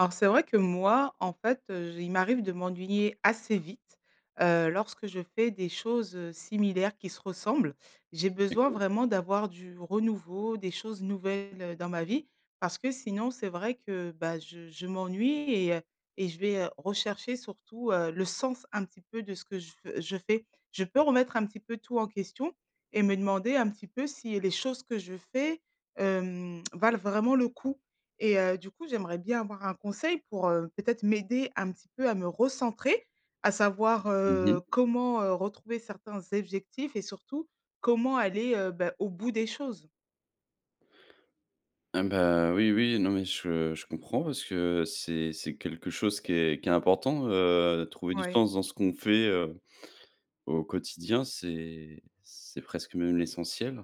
Alors c'est vrai que moi, en fait j il m'arrive de m'ennuyer assez vite, heu, lorsque je fais des choses, heu, similaires qui se ressemblent. J'ai besoin [unintelligible] vraiment d'avoir du renouveau, des choses nouvelles dans ma vie, parce que sinon c'est vrai que, bah, je je m'ennuie et heu, et je vais rechercher surtout, heu, le sens un petit peu de ce que je v je fais. Je peux remettre un petit peu tout en question et me demander un petit peu si les choses que je fais, hem, valent vraiment le coup et heu, du coup j'aimerais bien avoir un conseil pour, heu, peut-être m'aider un petit peu à me recentrer, à savoir, Mmh mh. heu, comment, heu, retrouver certains objectifs et surtout comment aller, heu bah, au bout des choses? Eh ben, oui, oui, non mais je je comprends parce que c'est c'est quelque chose qui est qui est important, heu, trouver du Ouais. sens dans ce qu'on fait, heu, au quotidien, c'est c'est presque même l'essentiel.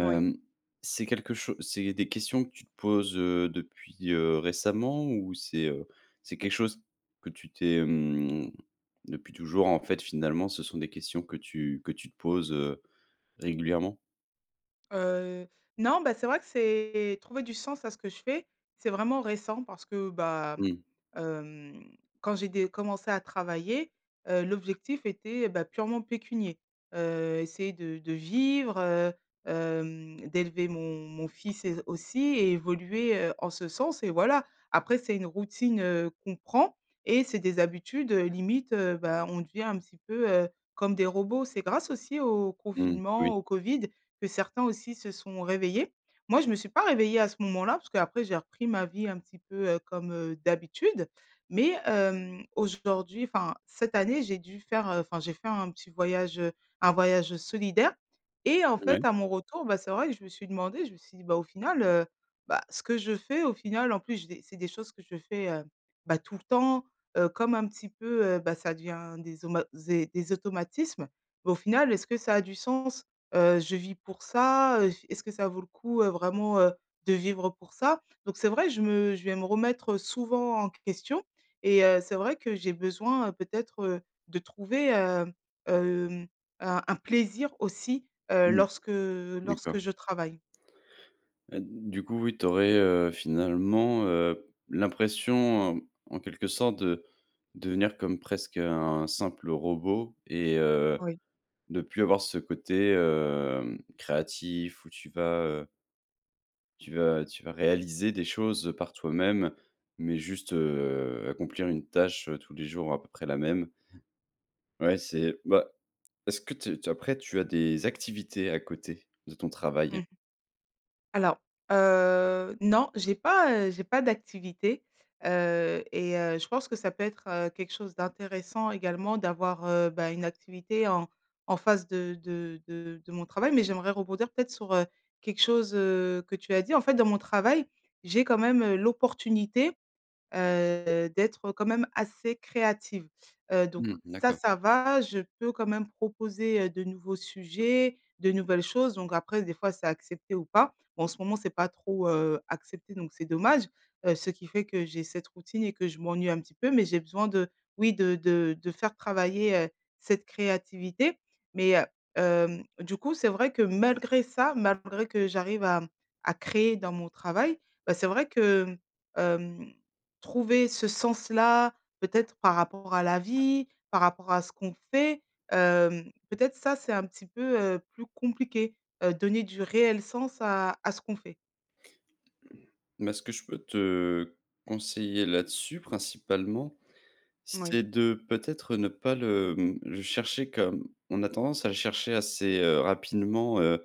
Oui. c'est quelque cho c'est des questions que tu te poses, heu, depuis, heu, récemment? Ou c'est, heu, c'est quelque chose que tu t'es, hem depuis toujours en fait finalement ce sont des questions que tu que tu te poses, heu, régulièrement? Heu, non, bah, c'est vrai que c'est trouver du sens à ce que je fais, c'est vraiment récent parce que, bah, Mmh. hem, quand j'ai dé commencé à travailler, heu, l'objectif était, bah, purement pécunier. Heu, essayer de de vivre, heu, hem, d'élever mon mon fils et s aussi, et évoluer, heu, en ce sens et voilà. Après, c'est une routine, heu, qu'on prend et c'est des habitudes, heu, limite, heu, bah, on devient un petit peu, heu, comme des robots. C'est grâce aussi au Mmh mh, confinement, oui. au Covid, que certains aussi se sont réveillés. Moi, je me suis pas réveillée à ce moment-là, parce qu'après j'ai repris ma vie un petit peu, heu, comme, heu, d'habitude. Mais, hem, aujourd'hui enfin cette année j'ai dû faire enfin, j'ai fait un petit voyage, heu, un voyage solidaire et en Ouais. fait, à mon retour, bah, c'est vrai que je me suis demandé, je me suis dit: «Bah, au final, heu, bah, ce que je fais au final, en plus j'ai des c'est des choses que je fais, heu, bah tout le temps, heu, comme un petit peu, heu, bah, ça devient des auma zé des automatismes, bah au final est-ce que ça a du sens? Heu, je vis pour ça, heu, est-ce que ça vaut le coup, heu, vraiment, heu, de vivre pour ça?» donc c'est vrai je me je vais me remettre souvent en question et heu, c'est vrai que j'ai besoin, heu, peut-être, heu, de trouver, hem hem, un un plaisir aussi, heu, Mmh mh, lorsque lorsque d'accord. je travaille. Heu, du coup, oui, tu aurais, heu, finalement, heu, l'impression, en quelque sorte, de devenir comme presque un simple robot et heu, Oui. de plus avoir ce côté, hem, créatif, où tu vas heu tu vas tu vas réaliser des choses par toi-même, mais juste, heu, accomplir une tâche tous les jours, à peu près la même Ouais, c'est bah, est-ce que te tu après, tu as des activités à côté de ton Mmh travail? mh. Alors, heu, non, j'ai pas, heu, j'ai pas d'activité, heu et heu je pense que ça peut être, heu, quelque chose d'intéressant également d'avoir, heu, bah, une activité en en face de de de de mon travail, mais j'aimerais rebondir peut-être sur, heu, quelque chose, heu, que tu as dit. En fait, dans mon travail, j'ai quand même, heu, l'opportunité, heu, d'être quand même assez créative. Heu, donc Mmh, ça, d'accord. ça va, je peux quand même proposer, heu, de nouveaux sujets, de nouvelles choses, donc après des fois c'est accepté ou pas. Bon en ce moment c'est pas trop, heu, accepté donc c'est dommage, heu, ce qui fait que j'ai cette routine et que je m'ennuie un petit peu, mais j'ai besoin de oui, de de de faire travailler, heu, cette créativité. Mais, heu, hem, du coup c'est vrai que malgré ça, malgré que j'arrive à, mmh, à créer dans mon travail, bah, c'est vrai que, mmh, hem, trouver ce sens-là, peut-être par rapport à la vie, par rapport à ce qu'on fait, hem, peut-être ça c'est un petit peu, heu, plus compliqué, heu, donner du réel sens à à ce qu'on fait. Mais ce que je peux te conseiller là-dessus principalement, Moui. c'est de peut-être, ne pas le, mmh, le chercher comme on a tendance à le chercher assez, heu, rapidement, heu,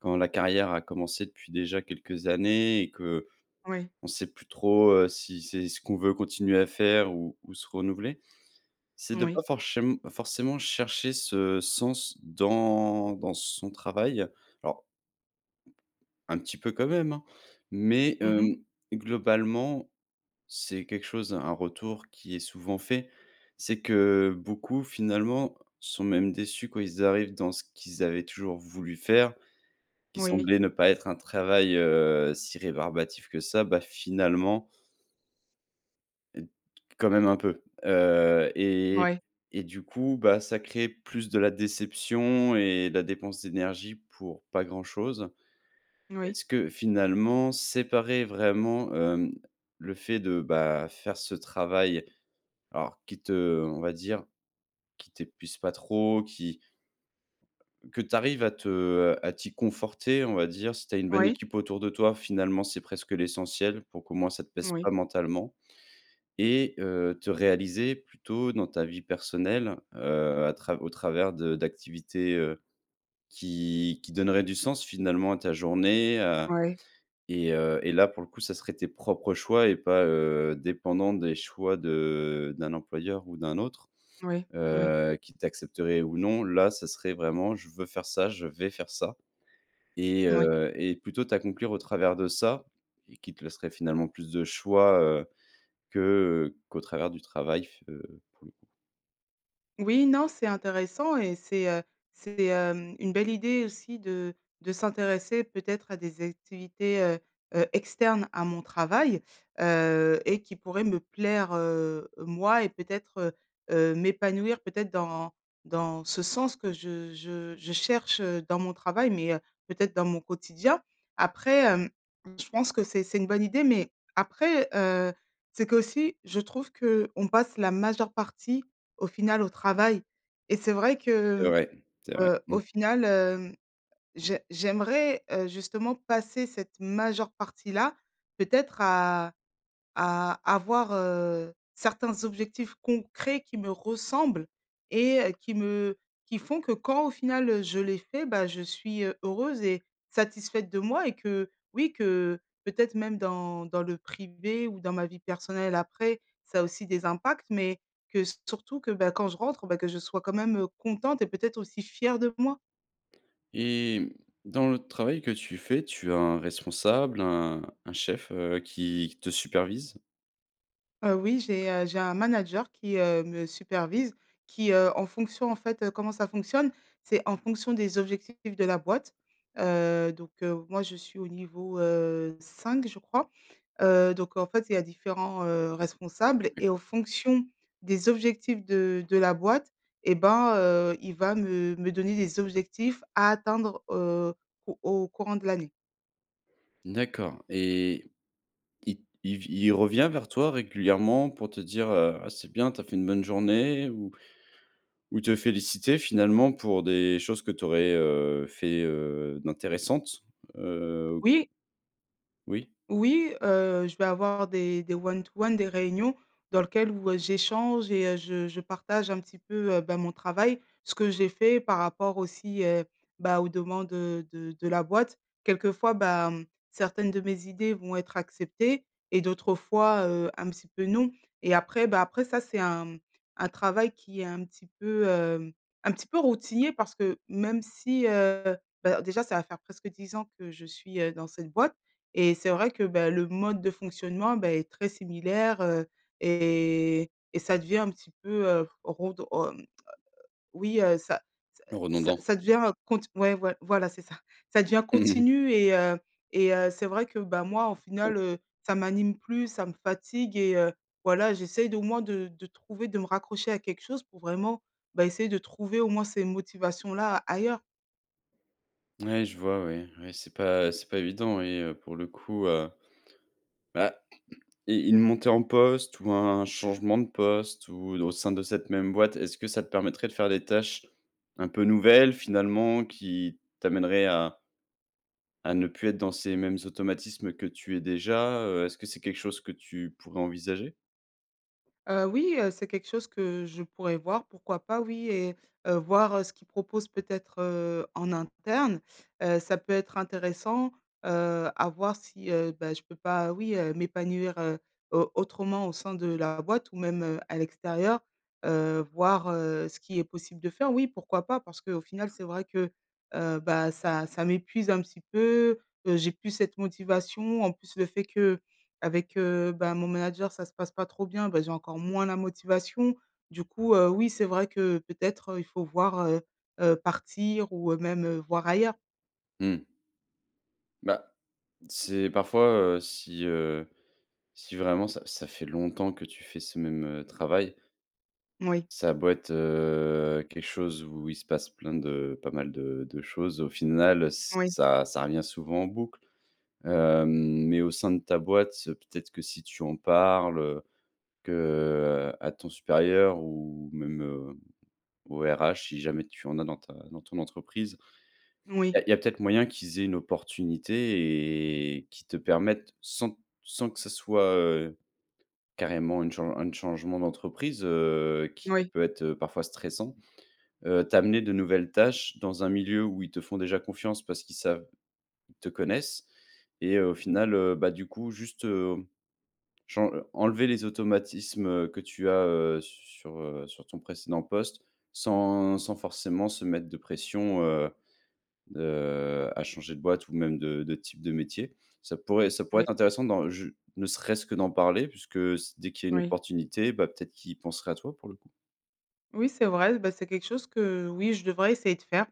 quand la carrière a commencé depuis déjà quelques années et qu'on Oui. sait plus trop, heu, si c'est ce qu'on veut continuer à faire ou ou se renouveler, c'est de Moui. pas forchém forcément chercher ce sens dans dans son travail. Alors un petit peu quand même, hein, mais, Mmh mh. hem, globalement, c'est quelque chose un retour, qui est souvent fait, c'est que beaucoup finalement, sont même déçus quand ils arrivent dans ce qu'ils avaient toujours voulu faire, qui Moui. semblait ne pas être un travail, heu, si rébarbatif que ça, bah finalement heu t quand même un peu. Heu et Moui. et du coup, bah, ça crée plus de la déception et de la dépense d'énergie pour pas grand-chose. Oui. Est-ce que finalement, séparer vraiment, hem, le fait de bah, faire ce travail alors qui te on va dire, qui t'épuise pas trop, qui Que tu arrives à te à t'y conforter, on va dire, si tu as une bonne Oui. équipe autour de toi, finalement, c'est presque l'essentiel, pour qu'au moins, ça te pèse Moui. pas mentalement. Et heu, te réaliser plutôt dans ta vie personnelle, heu, à trav au travers de d'activités heu, qui qui donneraient du sens finalement à ta journée, heu Moui. et heu et là pour le coup, ça serait tes propres choix et pas, heu, dépendant des choix de d'un employeur ou d'un autre. Oui, oui. Heu, qui t'accepterait ou non, là ça serait vraiment: «Je veux faire ça, je vais faire ça» et Moui. heu et plutôt t'accomplir au travers de ça et qui te laisserait finalement plus de choix, heu, que, heu, qu'au travers du travail f heu, pour le coup. Oui, non c'est intéressant et c'est, heu, c'est, hem, une belle idée aussi de de s'intéresser peut-être à des activités, heu heu, externes à mon travail, heu et qui pourraient me plaire, heu, moi et peut-être, heu heu, m'épanouir peut-être dans dans ce sens que je je je cherche, heu, dans mon travail, mais, heu, peut-être dans mon quotidien. Après, hem, je pense que c'est c'est une bonne idée, mais après, heu, c'est qu'aussi je trouve qu'on passe la majeure partie au final au travail. Et c'est vrai que, C'est mmh, vrai, c'est vrai, heu, au mmh. final, hem, j'ai j'aimerais, heu, justement passer cette majeure partie là, peut-être à à avoir, heu, certains objectifs concrets qui me ressemblent et qui me qui font que quand au final, heu, je les fais, bah, je suis heu, heureuse et satisfaite de moi et que, oui, que peut-être même dans dans le privé ou dans ma vie personnelle après, ça a aussi des impacts, mais que surtout que, bah, quand je rentre, bah, que je sois quand même, heu, contente et peut-être aussi fière de moi. Et mmh, dans le travail que tu fais tu as un responsable, un un chef, heu, qui qui te supervise? Heu, oui, j'ai, heu, j'ai un manager qui, heu, me supervise, qui, heu, en fonction, en fait comment ça fonctionne? C'est en fonction des objectifs de la boîte. Heu, donc heu, moi, je suis au niveau, heu, 5 je crois, heu, donc en fait, il y a différents, heu, responsables et en D'accord. Mmh. fonction des objectifs de de la boîte et ben, heu, il va me me donner des objectifs à atteindre, heu, au au courant de l'année. D'accord et i il v il revient vers toi régulièrement pour te dire, heu: «Ah, c'est bien, tu as fait une bonne journée» ou ou te féliciter finalement pour des choses que tu aurais, heu, fait, heu, d'intéressantes? Heu Oui! Oui? Oui, heu, je vais avoir des des one to one, des réunions dans lequel où, heu, j'échange et heu, je je partage un petit peu, heu, bah, mon travail, ce que j'ai fait par rapport aussi, heu, bah, aux demandes, heu, de de la boîte. Quelquefois bah, mmh, certaines de mes idées vont être acceptées et d'autres fois, heu, un petit peu non. Et après bah, après ça, c'est un, mmh, un travail qui est un petit peu, hem, un petit peu routinier parce que même si, heu bah, déjà ça va faire presque 10 ans que je suis, heu, dans cette boîte. Et c'est vrai que, bah, le mode de fonctionnement, beh, est très similaire, heu, et et ça devient un petit peu redon hem, heu, oui, heu, ça ça ça Redondant? ça devient cont ouais, voi voilà, c'est ça. Ça devient Mmh, mmh mh. continu et heu et heu, c'est vrai que, bah, moi, en Oui. final, heu, ça m'anime plus, ça me fatigue et heu, voilà j'essaye d'au moins de de trouver de me raccrocher à quelque chose pour vraiment, bah, essayer de trouver au moins ces motivations-là ailleurs. Ouais, je vois, ouais, ouais, c'est pas c'est pas évident oui, heu, pour le coup, heu bah et une montée en poste ou un changement de poste ou au sein de cette même boîte, est ce que ça te permettrait de faire des tâches un peu nouvelles finalement qui t'amèneraient à à ne plus être dans ces mêmes automatismes que tu es déjà? Heu, est ce que c'est quelque chose que tu pourrais envisager? Heu, oui, heu, c'est quelque chose que je pourrais voir, pourquoi pas? Oui, et heu, voir ce qu'ils proposent peut-être, heu, en interne. Heu, ça peut être intéressant, heu, à voir si, heu, bah, je peux pas, oui, heu, m'épanouir, heu, au autrement au sein de la boîte ou même, heu, à l'extérieur. Heu, voir, heu, ce qui est possible de faire, oui pourquoi pas? Parce qu'au final, c'est vrai que, heu, bah, ça ça m'épuise un petit peu, heu, j'ai plus cette motivation, en plus, le fait qu'avec, heu, bah, mon manager ça se passe pas trop bien, bah, j'ai encore moins la motivation du coup, heu, oui, c'est vrai que peut-être il faut voir, heu heu, partir ou, heu, même, heu, voir ailleurs. Mmh. Bah, c'est parfois, heu si, heu, si vraiment ça ça fait longtemps que tu fais ce même, heu, travail Moui. ça a beau être, heu, quelque chose où il se passe plein de pas mal de de choses, au final, ç Oui. ça ça revient souvent en boucle. Hem, mais au sein de ta boîte, peut-être que si tu en parles, heu, que à ton supérieur ou même, heu, aux RH, si jamais tu en as dans ta dans ton entreprise, il y Moui. a il y a peut-être moyen qu'ils aient une opportunité et qu'ils te permettent sans sans que ça soit, heu, carrément une chan une changement d'entreprise, heu, N qui oui. peut être, heu, parfois stressant, heu, t'amener de nouvelles tâches dans un milieu où ils te font déjà confiance parce qu'ils savent ils te connaissent et heu, au final, heu, bah, du coup, juste, hem, chan en enlever les automatismes que tu as, heu, s sur, heu, sur ton précédent poste, sans sans forcément se mettre de pression, heu, de à changer de boîte ou même de de type de métier. Ça pourrait ça pourrait Oui. être intéressant dans j ne serait-ce que d'en parler puisque s dès qu'il y a une Oui. opportunité, bah, peut-être qu'ils penserait à toi, pour le coup. Oui, c'est vrai, bah, c'est quelque chose que- oui- je devrais essayer de faire.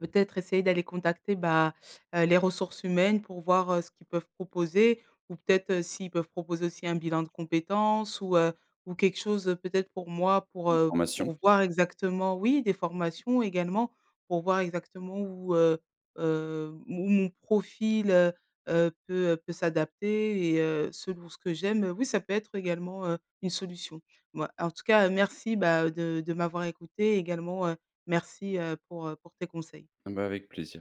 Peut-être essayer d'aller contacter, bah, heu, les ressources humaines, pour voir, heu, ce qu'ils peuvent proposer ou peut-être s'ils peuvent proposer aussi un bilan de compétences ou heu, ou quelque chose peut-être pour moi pour, Une heu, formation. pour voir, exactement oui, des formations également, pour voir exactement où, heu heu, mon mon profil, heu heu, peut peut s'adapter et heu, selon ce que j'aime, oui, ça peut être également, heu, une solution. Bah, en tout cas, merci, bah, de de m'avoir écoutée et également, heu, merci, heu, pour pour tes conseils. Eh bah, avec plaisir.